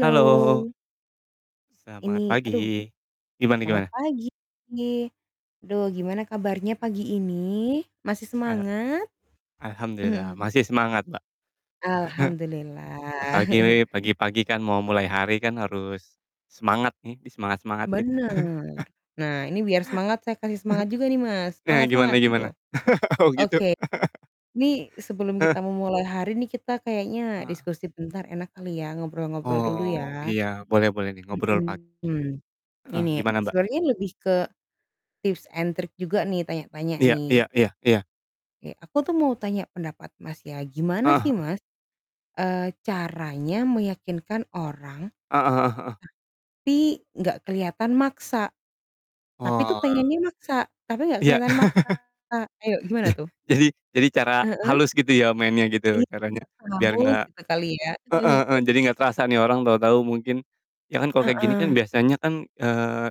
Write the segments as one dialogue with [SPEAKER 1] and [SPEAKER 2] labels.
[SPEAKER 1] Halo. Selamat
[SPEAKER 2] Ini aduh,
[SPEAKER 1] pagi. Gimana
[SPEAKER 2] selamat
[SPEAKER 1] gimana?
[SPEAKER 2] pagi! Duh gimana kabarnya pagi ini? Masih
[SPEAKER 1] Eee,
[SPEAKER 2] semangat?
[SPEAKER 1] alhamdulillah masih semangat, Mbak.
[SPEAKER 2] Alhamdulillah.
[SPEAKER 1] Apalagi pagi-pagi kan mau mulai hari kan harus semangat nih, disemangat-semangatin.
[SPEAKER 2] Bener. Nah ini biar semangat saya kasih semangat juga nih, Mas,
[SPEAKER 1] Eee,
[SPEAKER 2] semangat semangat!
[SPEAKER 1] gimana
[SPEAKER 2] Gitu.
[SPEAKER 1] gimana? Oh, gitu.
[SPEAKER 2] Oke, nih sebelum
[SPEAKER 1] Heeh.
[SPEAKER 2] kita memulai hari nih, kita kayaknya
[SPEAKER 1] Ah.
[SPEAKER 2] diskusi bentar enak kali ya, ngobrol-ngobrol dulu
[SPEAKER 1] Oh,
[SPEAKER 2] ya.
[SPEAKER 1] iya boleh boleh nih ngobrol pagi.
[SPEAKER 2] Mhm,
[SPEAKER 1] Heeh,
[SPEAKER 2] ini
[SPEAKER 1] gimana, Mbak?
[SPEAKER 2] sebenarnya lebih ke tips and trick juga nih tanya-tanya
[SPEAKER 1] Iya
[SPEAKER 2] nih.
[SPEAKER 1] iya iya iya.
[SPEAKER 2] Kek aku tuh mau tanya pendapat Mas ya,
[SPEAKER 1] Eee,
[SPEAKER 2] gimana sih,
[SPEAKER 1] heeh.
[SPEAKER 2] Mas, eee, caranya meyakinkan orang,
[SPEAKER 1] Heeh heeh heeh.
[SPEAKER 2] tapi nggak kelihatan maksa, tapi tuh
[SPEAKER 1] Oh.
[SPEAKER 2] pengennya maksa, tapi nggak
[SPEAKER 1] Iya.
[SPEAKER 2] kelihatan maksa. Ayo gimana
[SPEAKER 1] Je
[SPEAKER 2] tuh?
[SPEAKER 1] jadi jadi cara
[SPEAKER 2] Heeh?
[SPEAKER 1] halus gitu ya mainnya
[SPEAKER 2] I
[SPEAKER 1] gitu caranya biar
[SPEAKER 2] [unintelligible]
[SPEAKER 1] nggak
[SPEAKER 2] gitu kali ya.
[SPEAKER 1] heeh heeh, jadi nggak terasa nih orang tahu-tahu mungkin ya kan kalau kayak gini kan
[SPEAKER 2] Heeh.
[SPEAKER 1] biasanya kan, eee,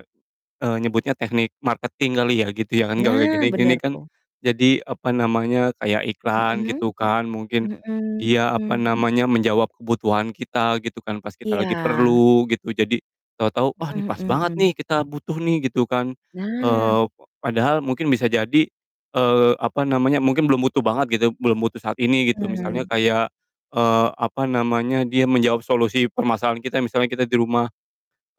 [SPEAKER 1] eee, nyebutnya teknik marketing kali ya gitu ya. Kan kalau
[SPEAKER 2] Nah
[SPEAKER 1] gini-gini
[SPEAKER 2] bener,
[SPEAKER 1] kan
[SPEAKER 2] tuh.
[SPEAKER 1] jadi, apa namanya, kayak iklan
[SPEAKER 2] Mhm.
[SPEAKER 1] gitu kan, mungkin, iya apa
[SPEAKER 2] Mhm.
[SPEAKER 1] namanya, menjawab kebutuhan kita gitu kan pas kita lagi
[SPEAKER 2] Iya.
[SPEAKER 1] perlu gitu, jadi tahu-tahu, "Wah, nih
[SPEAKER 2] Mhm
[SPEAKER 1] pas
[SPEAKER 2] mhm
[SPEAKER 1] banget nih
[SPEAKER 2] mhm.
[SPEAKER 1] kita butuh nih." Gitu kan,
[SPEAKER 2] Nah.
[SPEAKER 1] eee, p padahal mungkin bisa jadi, eee, apa namanya, mungkin belum butuh banget gitu, belum butuh saat ini gitu misalnya
[SPEAKER 2] Mhm.
[SPEAKER 1] kayak, eee, apa namanya, dia menjawab solusi permasalahan kita, misalnya kita di rumah,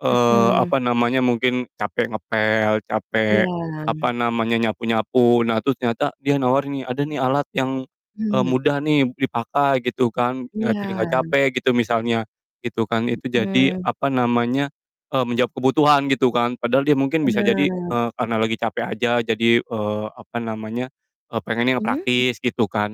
[SPEAKER 1] eee,
[SPEAKER 2] Mhm.
[SPEAKER 1] apa namanya, mungkin capek ngepel, capek,
[SPEAKER 2] Iya.
[SPEAKER 1] apa namanya, nyapu-nyapu. Nah terus ternyata dia nawar nih, "Ada nih alat yang, eee,
[SPEAKER 2] Hmm.
[SPEAKER 1] mudah nih dipakai," gitu kan, eee, "Jadi
[SPEAKER 2] Iya.
[SPEAKER 1] nggak capek," gitu misalnya, gitu kan, itu jadi,
[SPEAKER 2] Mhm.
[SPEAKER 1] apa namanya, eee, menjawab kebutuhan gitu kan padahal dia mungkin bisa jadi,
[SPEAKER 2] Bener.
[SPEAKER 1] eee, karena lagi capek aja. Jadi, eee, apa namanya, eee, pengennya yang
[SPEAKER 2] Mhm?
[SPEAKER 1] praktis gitu kan.